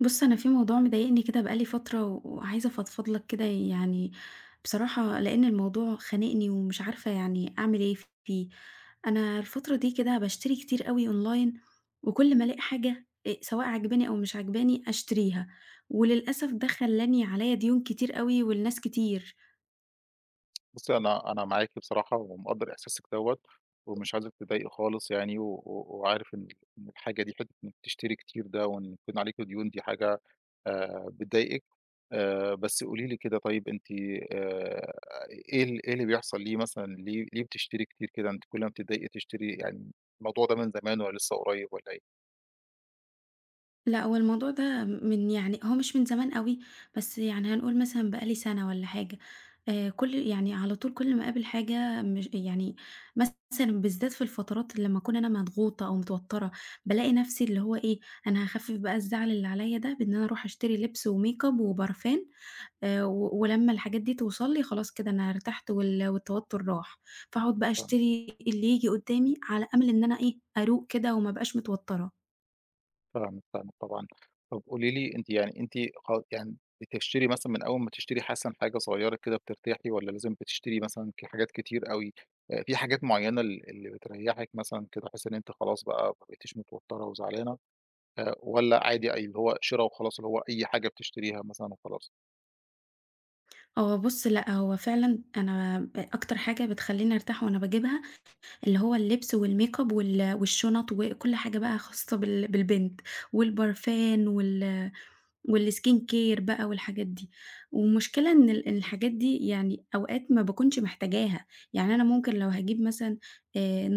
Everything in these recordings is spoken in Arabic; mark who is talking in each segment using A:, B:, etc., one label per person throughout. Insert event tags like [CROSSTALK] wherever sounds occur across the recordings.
A: بُص أنا في موضوع مضايقني كده بقى لي فترة، و وعايزه أفضفض لَك كده يعني، بصراحة لأن الموضوع خانقني ومش عارفة يعني أعمل إيه فيه، أنا الفترة دي كده باشتري كتير أوي online، وكل ما ألاقي حاجة آآ، سواء عاجباني أو مش عاجباني أشتريها، وللأسف ده خلّاني عليّا ديون كتير أوي ولناس كتير.
B: بُصّي أنا أنا معاكِ بصراحة ومقدّر إحساسِك دوّة، ومش عايزِك تتضايقي خالص يعني، و و وعارف إن إن الحاجة دي حتّة إن بتشتري كتير ده وإن يكون عليكِ ديون دي حاجة آآ، بتضايقِك آآ، بس قولي لي كده طيب أنتِ آآ، إيه ال إيه اللي بيحصل ليه مثلًا، ليه ليه بتشتري كتير كده؟ أنتِ كل ما بتتضايقي تشتري يعني، الموضوع ده من زمان والّا لسّه قريّب والّا إيه؟
A: لأ، هو الموضوع ده من يعني هو مش من زمان أوي، بس يعني هنقول مثلًا بقى لي سنة والّا حاجة آآ، كُل يعني على طول كل ما أقابل حاجة مش يعني مثلًا بالذات في الفترات اللي لمّا أكون أنا مضغوطة أو متوترة، بالاقي نفسي اللي هو إيه أنا هاخفف بقى الزعل اللي عليّا ده بإن أنا أروح أشتري لبس وmakeup وبارفان آآ، و ولمّا الحاجات دي توصل لي خلاص كده أنا ارتحت وال والتوتر راح،
B: إمم،
A: فاقعد بقى
B: فاهمِك.
A: أشتري اللي ييجي قدامي على أمل إن أنا إيه، أروق كده وما أبقاش متوترة.
B: طبعًا [UNINTELLIGIBLE] طبعًا. طَب قُولي لي أنتِ يعني أنتِ خ يعني بتشتري مثلًا من أول ما تشتري مثلًا حاجة صغيرة كده بترتاحي والَّا لازم بتشتري مثلًا ك حاجات كتير أوي؟ آآ في حاجات معيّنة ال اللي بتريّحِك مثلًا، كده تحسي إن أنتِ خلاص بقى ما بقيتيش متوترة وزعلانة؟ آآ، والَّا عادي أي اللي هو شرا وخلاص اللي هو أي حاجة بتشتريها مثلًا وخلاص؟
A: هو بُصّ لأ، هو فعلًا أنا آآ أكتر حاجة بتخليني أرتاح وأنا باجيبها اللي هو اللبس والmakeup وال والشُنَط وكُلّ حاجة بقى خاصة بال بالبنت، والبرفان وال والskincare بقى والحاجات دي. والمشكلة إن ال الحاجات دي يعني أوقات ما باكونش محتاجاها، يعني أنا ممكن لو هاجيب مثلًا آآ،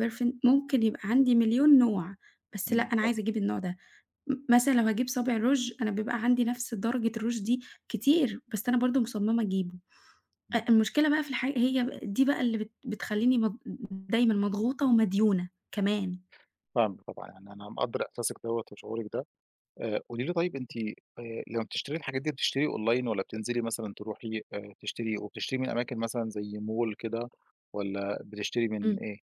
A: نوع perfume ممكن يبقى عندي مليون نوع، بس لأ
B: إمم،
A: أنا
B: فاهمِك.
A: عايزة أجيب النوع ده. م مثلًا لو هاجيب صابع روچ، أنا بيبقى عندي نفس درجة الروچ دي كتير، بس أنا برضه مُصمِّمة أجيبه، أ
B: إمم.
A: المشكلة بقى في الحاج هي دي بقى اللي بت بتخليني مـض دايمًا مضغوطة ومديونة كمان.
B: فاهمِك طبعًا، يعني أنا مقدّر إحساسِك دوَّة وشعورِك ده، آآ، قُولي لي طيب أنتِ آآ، لمّا بتشتري الحاجات دي بتشتري Online والَّا بتنزلي مثلًا تروحي آآ تشتري، وبتشتري من أماكن مثلًا زي Mall كده، والَّا بتشتري مِن
A: إمم.
B: إيه؟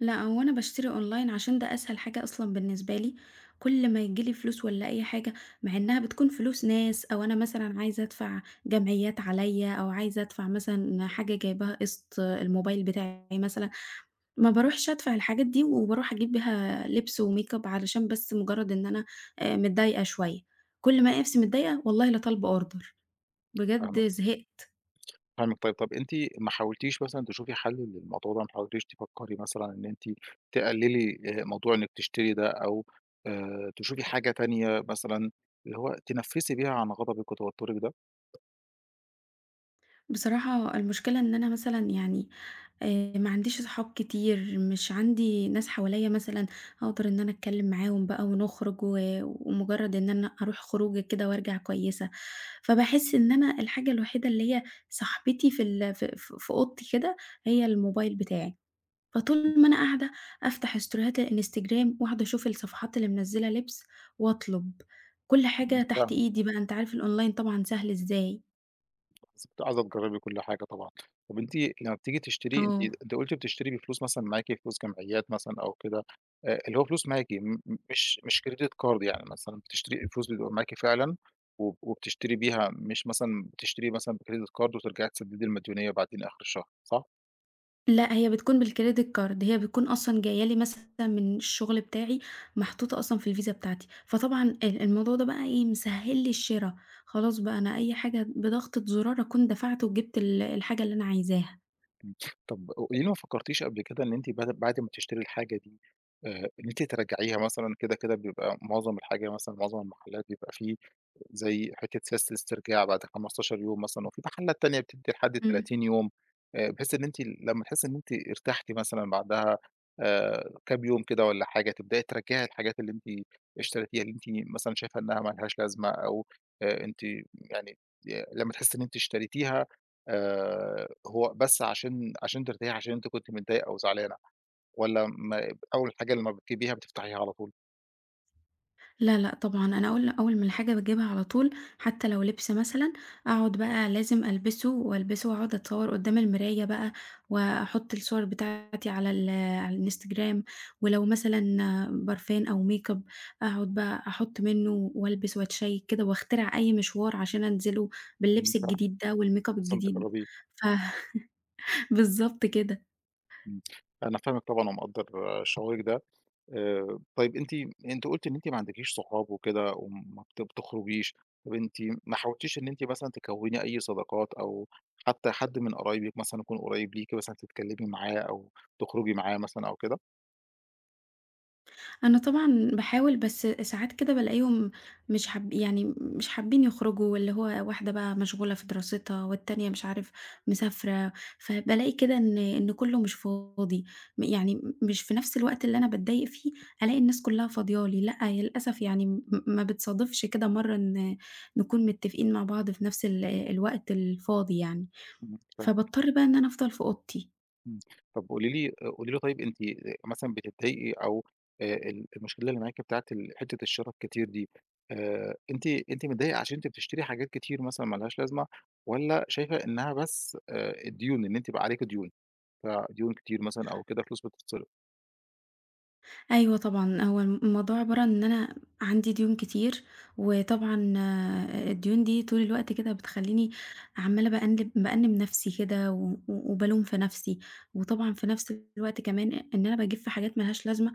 A: لأ، هو أنا باشتري online عشان ده أسهل حاجة أصلًا بالنسبة لي كُل ما ييجيلي فلوس والّا أي حاجة، مع إنها بتكون فلوس ناس أو أنا مثلًا عايزة أدفع جمعيات عليا أو عايزة أدفع مثلًا حاجة جايباها قسط آآ، الموبايل بتاعي مثلًا، ما باروحش أدفع الحاجات دي، وباروح أجيب بيها لبس وmakeup علشان بس مجرد إن أنا آآ متضايقة شوية كُل ما ألاقي نفسي متضايقة والله لطالبة order
B: فاهمِك.
A: بجد زهقت.
B: فاهمِك طيب، طَب أنتِ ما حاولتيش مثلًا تشوفي حَل للموضوع ده؟ ما حاولتيش تفكّري مثلًا إن أنتِ تقللي آآ، موضوع إنِّك تشتري ده، أو آآ، تشوفي حاجة تانية مثلًا، اللي هو تنفسي بيها عن غضبِك وتوترِك ده؟
A: بصراحة المشكلة إن أنا مثلًا يعني آآ، معنديش صحاب كتير، مش عندي ناس حواليا مثلًا أقدر إن أنا أتكلم معاهم بقى ونخرج و ومجرد إن أنا أروح خروجة كده وأرجع كويسة، فباحس إن أنا الحاجة الوحيدة اللي هي صاحبتي في ال في في في أوضتي كده هي الموبايل بتاعي،
B: امم.
A: فطول ما أنا قاعدة أفتح ستوريهات الإنستجرام وأقعد أشوف الصفحات اللي منزلة لبس، وأطلب كُل
B: إمم،
A: حاجة تحت
B: فاهمِك، فاهمِك.
A: إيدي بقى، أنت عارف الonline طبعًا سهل إزاي.
B: بس أنتِ عايزة تجربي كُل حاجة طبعًا، طّب أنتِ لمّا بتيجي تشتري أنتِ
A: آه.
B: أنتِ قُلتِ بتشتري بفلوس مثلًا معاكِ، فلوس جمعيات مثلًا أو كده، آآ اللي هو فلوس معاكِ م م مش مش Credit Card يعني مثلًا، بتشتري الفلوس بتبقى معاكِ فعلًا، و وبتشتري بيها مش مثلًا بتشتري مثلًا بCredit Card وترجعي تسددي المديونية بعدين آخر الشهر، صح؟
A: لأ، هي بتكون بالcredit card، هي بتكون أصلًا جايّة لي مثلًا من الشغل بتاعي، محطوطة أصلًا في الVisa بتاعتي، فطبعًا آآ الموضوع ده بقى إيه مسهّل لي الشرا، خلاص بقى أنا أي حاجة بضغطة زرار أكون دفعت وجبت ال الحاجة اللي أنا عايزاها.
B: إمم [SNIFFS] طَب وليه ما فكرتيش قبل كده إن أنتِ بد بعد ما تشتري الحاجة دي آآ إن أنتِ ترجعيها مثلًا، كده كده بيبقى معظم الحاجة مثلًا، معظم المحلات بيبقى في زي حتّة سياسة الاسترجاع بعد 15 يوم مثلًا، وفي محلات تانية بتدّي لحد
A: إمم.
B: 30 يوم آآ بحيث إن أنتِ لما تحسّي إن أنتِ ارتحتِ مثلًا بعدها آآ كام يوم كده والّا حاجة، تبدئي ترجعي الحاجات اللي أنتِ اشتريتيها، اللي أنتِ مثلًا شايفة إنها ما لهاش لازمة، أو آآ أنتِ يعني ي لمّا تحسّي إن أنتِ اشتريتيها آآ هو بس علشان علشان ترتاحي، علشان أنتِ كنتِ متضايقة أو زعلانة، والّا ما أول حاجة لمّا بتجيبيها بتفتحيها على طول؟
A: لأ، لأ، طبعًا أنا أول أول ما الحاجة باجيبها على طول، حتى لو لبس مثلًا، أقعد بقى لازم ألبسه، وألبسه وأقعد أتصور قدام المراية بقى، وأحط الصور بتاعتي على ال على الإنستجرام. ولو مثلًا برفان أو makeup أقعد بقى أحط منه وألبس وأتشيك كده، وأخترع أي مشوار عشان أنزله
B: امم،
A: باللبس
B: فاهمِك.
A: الجديد ده والmakeup
B: [UNINTELLIGIBLE]
A: الجديد.
B: تجربيه.
A: ف [LAUGHS] بالضبط كده.
B: امم، أنا فاهمِك طبعًا ومقدر شعورك ده. آآ، طيب أنتِ أنتِ قُلتِ إن أنتِ ما عندكيش صحاب وكده وما بت بتخرجيش، طب أنتِ ما حاولتيش إن أنتِ مثلًا تكوّني أي صداقات أو حتى حد من قرايبك مثلًا يكون قريب ليكِ مثلًا تتكلمي معاه أو تخرجي معاه مثلًا أو كده؟
A: أنا طبعًا باحاول، بس ساعات كده بالاقيهم مش حاب يعني مش حابين يخرجوا، اللي هو واحدة بقى مشغولة في دراستها، والتانية مش عارف مسافرة، فبالاقي كده إن إن كله مش فاضي. م يعني مش في نفس الوقت اللي أنا باتضايق فيه، ألاقي الناس كلها فاضية لي. لأ، للأسف يعني م ما بتصادفش كده مرّة إن نكون متفقين مع بعض في نفس ال الوقت الفاضي يعني.
B: امم، فاهمِك.
A: فباضطر بقى إن أنا أفضل في أوضتي.
B: امم، طَب قولي لي قولي لي طيب أنتِ مثلًا بتضايقي أو آآ، ال المشكلة اللي معاكِ بتاعة ال حتة الشرا الكتير دي آآ، أنتِ أنتِ متضايقة عشان أنتِ بتشتري حاجات كتير مثلًا ما لهاش لازمة، والَّا شايفة إنها بس آآ، الديون، إن أنتِ بقى عليكِ ديون؟ فديون كتير مثلًا أو كده فلوس بتتصرف.
A: أيوه طبعًا، هو الموضوع عبارة عن إن أنا عندي ديون كتير، وطبعًا آآ، الديون دي طول الوقت كده بتخليني عمّالة بأنِّب بأنِّب نفسي كده و و وبالوم في نفسي، وطبعًا في نفس الوقت كمان، إن أنا باجيب في حاجات ما لهاش لازمة،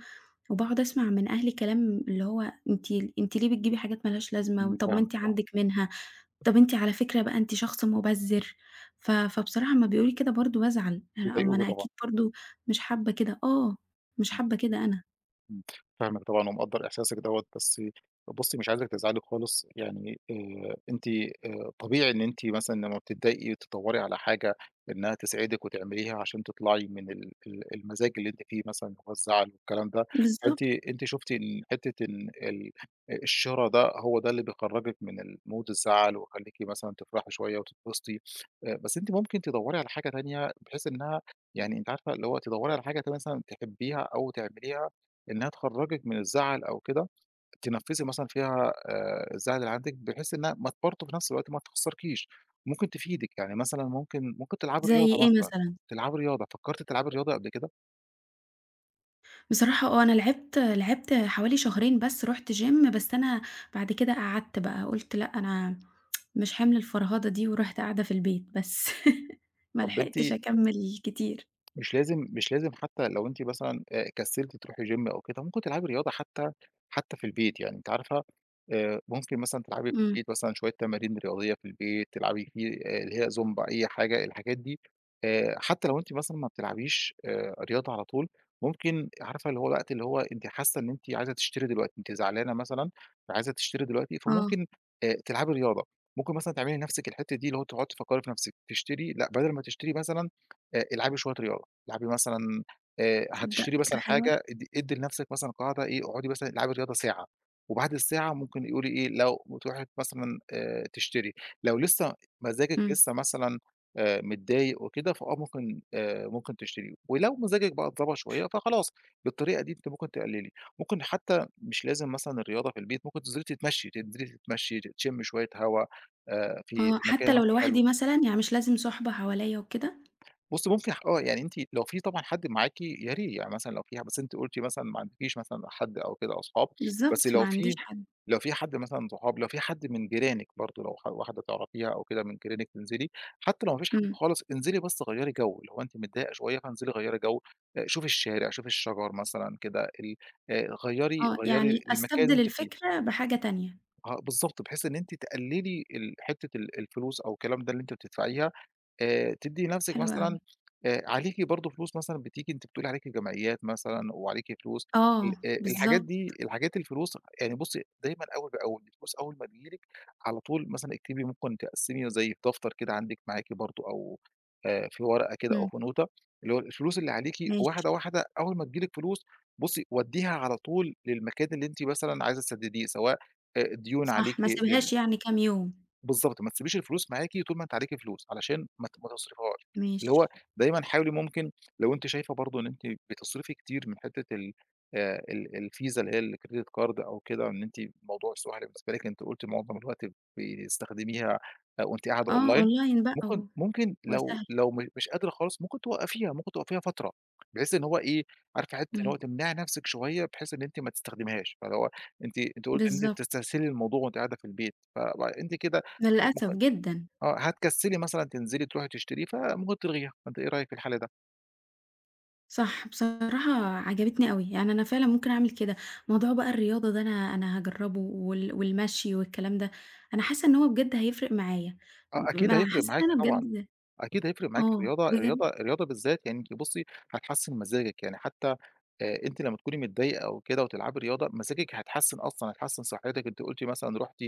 A: وباقعد أسمع من أهلي كلام اللي هو أنتِ أنتِ ليه بتجيبي حاجات ما لهاش
B: امم،
A: لازمة؟ طَب ما
B: فاهمِك،
A: أنتِ
B: آه.
A: عندِك منها، طَب أنتِ على فكرة بقى أنتِ شخص مبذِّر، ف فبصراحة أمّا بيقولوا لي كده برضه بازعل، آآ ما
B: بيضايقوكِ
A: أنا
B: طبعًا.
A: أكيد برضه مش حابة كده آه، مش حابة كده أنا.
B: فاهمِك طبعًا ومقدّر إحساسِك دوَّة، بس بُصّي، مش عايزِك تزعلي خالص يعني، آآ، أنتِ، آآ، طبيعي إن أنتِ مثلًا لمّا بتضايقي تدوّري على حاجة إنها تسعدِك وتعمليها عشان تطلعي من ال ال المزاج اللي أنتِ فيه مثلًا، اللي هو الزعل والكلام ده، فأنتِ
A: بالضبط.
B: أنتِ شُفتِ ال حتة ال ال الشرا ده، هو ده اللي بيخرجِّك من الmood الزعل ويخليكِ مثلًا تفرحي شوية وتتبسطي، آآ، بس أنتِ ممكن تدوّري على حاجة تانية بحيث إنها يعني أنتِ عارفة اللي هو تدوّري على حاجة ت مثلًا تحبيها أو تعمليها، إنها تخرجِّك من الزعل أو كده، تنفِّسي مثلًا فيها، آآ، الزعل اللي عندِك بحيث إنها ما ت برضه في نفس الوقت ما تخسّركيش، ممكن تفيدِك، يعني مثلًا ممكن ممكن تلعبي
A: زي
B: رياضة
A: إيه
B: مثلًا،
A: مثلًا؟
B: تلعبي رياضة، فكّرتِ تلعبي رياضة قبل كده؟
A: بصراحة آه، أنا لعبت لعبت حوالي شهرين بس رُحت gym بس أنا بَعد كده قعَدت بقى قُلت: "لأ، أنا [TSK] مش حِمل الفرهدة دي." ورُحت قاعدة في البيت بس. [LAUGHS] ما
B: طَب أنتِ
A: لحقتش أكمِّل كتير.
B: مش لازم مش لازم حتى لو أنتِ مثلًا، آآ، كسّلتِ تروحي gym أو كده، ممكن تلعبي رياضة حتى حتى في البيت يعني، أنتِ عارفة آآ، ممكن مثلًا تلعبي في
A: إمم.
B: البيت مثلًا شوية تمارين رياضية في البيت، تلعبي فيه، آآ، اللي هي زومبا، أي حاجة، الحاجات دي آآ، حتى لو أنتِ مثلًا ما بتلعبيش، آآ، رياضة على طول، ممكن عارفة اللي هو وقت اللي هو أنتِ حاسّة إن أنتِ عايزة تشتري دلوقتي، أنتِ زعلانة مثلًا فعايزة تشتري دلوقتي،
A: آه.
B: فممكن، آآ، تلعبي رياضة، ممكن مثلًا تعملي لنفسِك الحِتّة دي اللي هو تقعُدي تفكّري في نفسِك تشتري لأ، بدَل ما تشتري مثلًا، آآ، العبي شوية رياضة، العبي مثلًا، آآ،
A: تصدّق
B: هتشتري
A: فكرة
B: مثلًا
A: حلوة.
B: حاجة، ادّي ادّي لنَفسِك مثلًا قاعدة إيه، اقعُدي مثلًا العبي رياضة ساعة وبَعد الساعة ممكن إيه قولي إيه، لو بتروحي مثلًا، آآ، تشتري لو لسّه مزاجِك
A: إمم.
B: لسّه مثلًا، آآ، متضايق وكده، فآه ممكن، آآ، ممكن تشتري ولو مزاجِك بقى اتضبط شوية فخلاص، بالطريقة دي أنتِ ممكن تقلّلي، ممكن حتّى مش لازم مثلًا الرياضة في البيت، ممكن تنزِلي تتمشّي، تنزِلي تتمشّي، ت تشمّي شوية هوا، آآ، في
A: آه،
B: مكان
A: حتّى لو
B: مثلًا حلو.
A: لوحدي مثلًا، يعني مش لازم صُحبة حواليّا وكده؟
B: بُصّي، ممكن آه، يعني أنتِ لو فيه طبعًا حد معاكِ يا ري يعني مثلًا لو فيه بس أنتِ قُلتِ مثلًا ما عندكيش مثلًا حد أو كده أصحاب بس
A: بالضبط، ما
B: لو
A: عنديش
B: فيه
A: حد.
B: لو فيه حد مثلًا أصحاب، لو فيه حد من جيرانِك برضه لو ح واحدة تعرَفيها أو كده من جيرانِك تنزِلي، حتى لو ما فيش حد
A: إمم.
B: خالص، انزِلي بس غيّري جَو، اللي هو أنتِ متضايقة شوية فانزِلي غيّري جَو آآ، شوفي الشارع، شوفي الشجر مثلًا كده، ال آآ، غيّري
A: آه،
B: غيّري
A: يعني
B: المكان اللي
A: أستبدِل
B: أنتِ فيه.
A: الفكرة بحاجة تانية.
B: آه بالضبط، بحيث إن أنتِ تقلّلي ال حِتّة ال الفلوس أو الكلام ده اللي أنتِ بتدفَعيها آآ، تدّي نفسِك
A: حلو
B: مثلًا،
A: أوي.
B: آآ، عليكِ برضه فلوس مثلًا بتيجي أنتِ بتقولي عليكِ جمعيّات مثلًا وعليكِ فلوس ال
A: آه،
B: آآ الحاجات
A: بالضبط.
B: دي، الحاجات الفلوس، يعني بُصّي دايمًا أول بأول، الفلوس أول ما تيجي لِك على طول مثلًا اكتبي ممكن تقسّمي زي دفتر كده عندِك معاكِ برضه أو آآ في ورقة كده أو
A: إمم.
B: في نوته، اللي هو ال الفلوس اللي عليكِ
A: ماشي.
B: واحدة، واحدة أول ما تيجي لِك فلوس، بُصّي ودّيها على طول للمكان اللي أنتِ مثلًا عايزة تسدّديه، سواء، آآ، ديون عليكِ
A: صح، ما
B: لل
A: أسيبهاش يعني كام يوم.
B: بالضبط، ما تسيبيش الفلوس معاكِ طول ما أنتِ عليكِ فلوس، علشان ما ت ما تصرِفيهاش، اللي
A: ماشي.
B: هو دايمًا حاولي ممكن لو أنتِ شايفة برضه إن أنتِ بتصرِفي كتير من حِتّة ال آآ، ال ال الVisa اللي هي الcredit card أو كده، إن أنتِ الموضوع سهْل بالنسبة لِك، أنتِ قُلتِ مُعظَم الوقت ب بيستخدميها، آآ، وأنتِ قاعدة
A: آه،
B: online
A: online بقى
B: ممكن
A: و
B: ممكن
A: هو
B: لو
A: سهْل.
B: لو م مش قادرة خالص، ممكن توقّفيها، ممكن توقّفيها فترة بحيث إن هو إيه، عارفة حِتّة اللي هو
A: إمم.
B: تمنَعي نَفسِك شوية بحيث إن أنتِ ما تستخدميهاش، فاللي هو أنتِ أنتِ قُلتِ إن أنتِ
A: بالضبط.
B: بتستهسلي الموضوع وأنتِ قاعدة في البيت، ف فأنتِ كده
A: للأسف
B: ممكن
A: جدًا.
B: آه، هتكسّلي مثلًا تنزِلي ترُوحي تشتري، فممكن تلغيها فأنتِ إيه رأيك في الحَل ده؟
A: صح، بصراحة عجبِتني أوي، يعني أنا فعلًا ممكن أعمل كده، موضوع بقى الرياضة ده أنا أنا هاجرّبه وال والمشْي والكلام ده، أنا حاسّة إن هو بجد هيفرِق معايا
B: آه
A: ب
B: أكيد
A: أنا
B: هيفرِق
A: حاسّة إن
B: معاكِ
A: أنا
B: طبعًا،
A: بجد
B: أكيد هيفرِق معاكِ
A: آه،
B: الرياضة
A: بجد.
B: الرياضة الرياضة بالذات يعني أنتِ بُصّي، هتحسِّن مزاجِك، يعني حتى، آآ، أنتِ لمّا تكوني متضايقة أو كده وتلعبي رياضة مزاجِك هيتحسّن أصلًا، هيتحسّن صحّتِك، أنتِ قُلتِ مثلًا رُحتِ،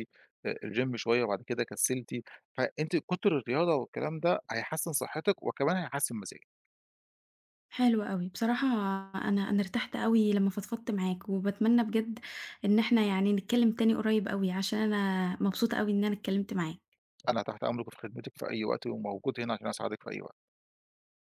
B: آآ، الgym شوية وبَعد كده كسّلتِ فأنتِ كُتر الرياضة والكلام ده هيحسِّن صحّتِك وكمان هيحسّن مزاجِك.
A: حلو أوي، بصراحة أنا أنا ارتحت أوي لما فضفضت معاك، وباتمنى بجد إن إحنا يعني نتكلّم تاني قريّب أوي، علشان أنا مبسوطة أوي إن أنا اتكلّمت معاك.
B: أنا تحت أمرِك وفي خدمتِك في أي وقت وموجود هنا علشان أساعدِك في أي وقت.